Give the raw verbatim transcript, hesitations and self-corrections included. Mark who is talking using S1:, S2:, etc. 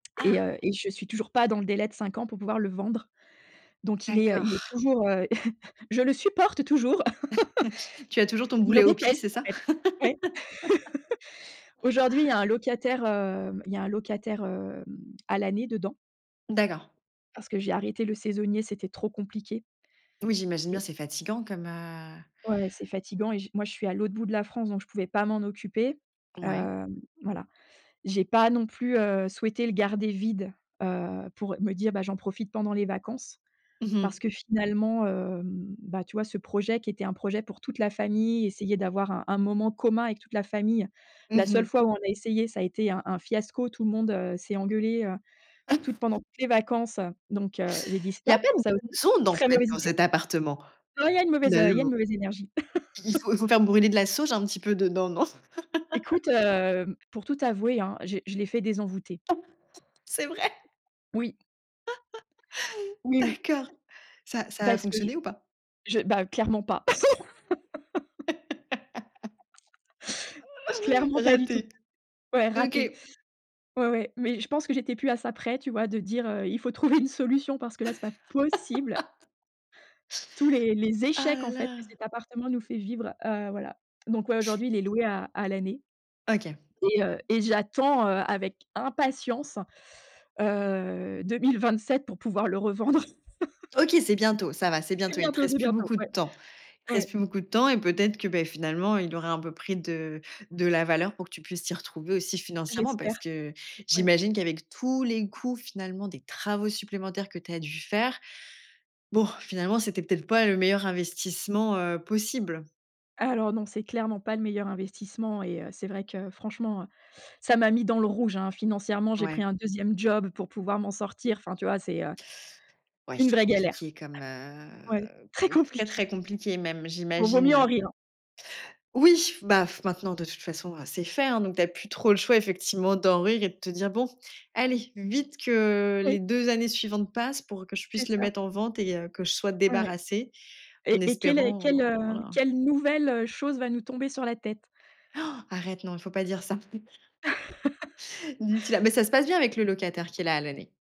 S1: Et
S2: Ah.
S1: heu et je suis toujours pas dans le délai de cinq ans pour pouvoir le vendre. Donc il est, heu il est
S2: D'accord.
S1: toujours, heu, je le supporte toujours.
S2: Tu as toujours ton
S1: Je le
S2: boulet au pied,
S1: déteste,
S2: c'est
S1: en
S2: ça?
S1: fait, ouais. Aujourd'hui il y a un locataire, hem il y a un locataire hem, à l'année dedans
S2: D'accord.
S1: parce que j'ai arrêté le saisonnier, c'était trop compliqué
S2: Oui, j'imagine bien,
S1: et
S2: c'est fatigant comme, heu
S1: Ouais, c'est fatigant et je moi je suis à l'autre bout de la France donc je pouvais pas m'en occuper.
S2: Ouais.
S1: Heu, voilà, j'ai pas non plus, heu, souhaitée le garder vide, heu, pour me dire: «Bah j'en profite pendant les vacances».
S2: Mmh
S1: Parce
S2: mh.
S1: que finalement, heu, bah, tu vois ce projet qui était un projet pour toute la famille, essayer d'avoir un un moment commun avec toute la famille.
S2: Mmh
S1: La seule
S2: mh.
S1: fois où on a essayé ça a été un un fiasco, tout le monde, heu, s'est engueulé, heu, toutes
S2: [unintelligible]
S1: pendant toutes les vacances, heu, donc heu, j'ai dit
S2: Il y a
S1: stop,
S2: pas de
S1: ça
S2: bonnes
S1: aussi,
S2: ondes dans
S1: très
S2: cet
S1: mauvaise
S2: dans
S1: idée.
S2: cet appartement.
S1: Non il y a une mauvaise, heu il y a une
S2: Finalement.
S1: mauvaise énergie.
S2: Il faut faut faire brûler de la sauge un petit peu dedans non?
S1: Écoute, hem, pour tout t'avouer, hein, je je l'ai fait désenvoûter.
S2: C'est vrai?
S1: Oui. Oui, oui.
S2: D'accord, ça ça a
S1: Parce que, je
S2: fonctionné ou pas?
S1: je bah, clairement pas. Clairement pas du tout.
S2: Raté.
S1: Ouais, raté.
S2: OK.
S1: Ouais, ouais mais je pense que j'étais plus à ça près tu vois de dire, heu: «Il faut trouver une solution parce que là c'est pas possible». Tous les les
S2: Ah
S1: échecs
S2: la
S1: en fait que
S2: la.
S1: cet appartement nous fait vivre, heu, voilà. Donc, ouais, aujourd'hui il est loué à à l'année
S2: OK.
S1: et heu et j'attends, heu, avec impatience, heu, deux mille vingt-sept pour pouvoir le revendre.
S2: OK, c'est bientôt, ça va, c'est
S1: C'est
S2: bientôt. Il te
S1: bientôt, c'est
S2: reste plus
S1: bientôt.
S2: beaucoup de
S1: Ouais.
S2: temps il te reste
S1: Ouais.
S2: plus beaucoup de temps et peut-être que, beh, finalement, il aurait un peu pris de de la valeur pour que tu puisses t'y retrouver aussi financièrement. Parce
S1: J'espère.
S2: que
S1: Ouais.
S2: j'imagine qu'avec tous les coûts, finalement, des travaux supplémentaires que tu as dû faire. Bon, finalement, c'était peut être pas le meilleur investissement, heu, possible?
S1: Alors non, c'est clairement pas le meilleur investissement et heu, c'est vrai que franchement, heu, ça m'a mis dans le rouge, hein, financièrement, j'ai pris
S2: Ouais.
S1: un deuxieme job pour pouvoir m'en sortir. Enfin, tu vois, c'est, heu,
S2: Ouais,
S1: une vraie galère.
S2: compliqué comme,
S1: Ouais.
S2: heu,
S1: Très
S2: co très
S1: compliqué.
S2: très compliqué même,
S1: Bon vaut mieux en
S2: j'imagine?
S1: rire.
S2: Oui, b af maintenant, de toute façon, c'est fait, hein. Donc, tu as plus trop le choix effectivement d'en rire et de te dire bon: «Allez vite que
S1: Oui.
S2: les deux années suivantes passent pour que je
S1: C'est
S2: puisse le
S1: ça.
S2: mettre en vente et heu, que je sois
S1: Ouais, ouais
S2: débarrassée en
S1: et et quelle est
S2: espérant».
S1: quelle, heu
S2: Voilà.
S1: quelle nouvelle, heu, chose va nous tomber sur la tête.
S2: Han, arrête, non, il faut pas dire ça. D'ici là. Mais ça se passe bien avec le locataire qui est là à l'année?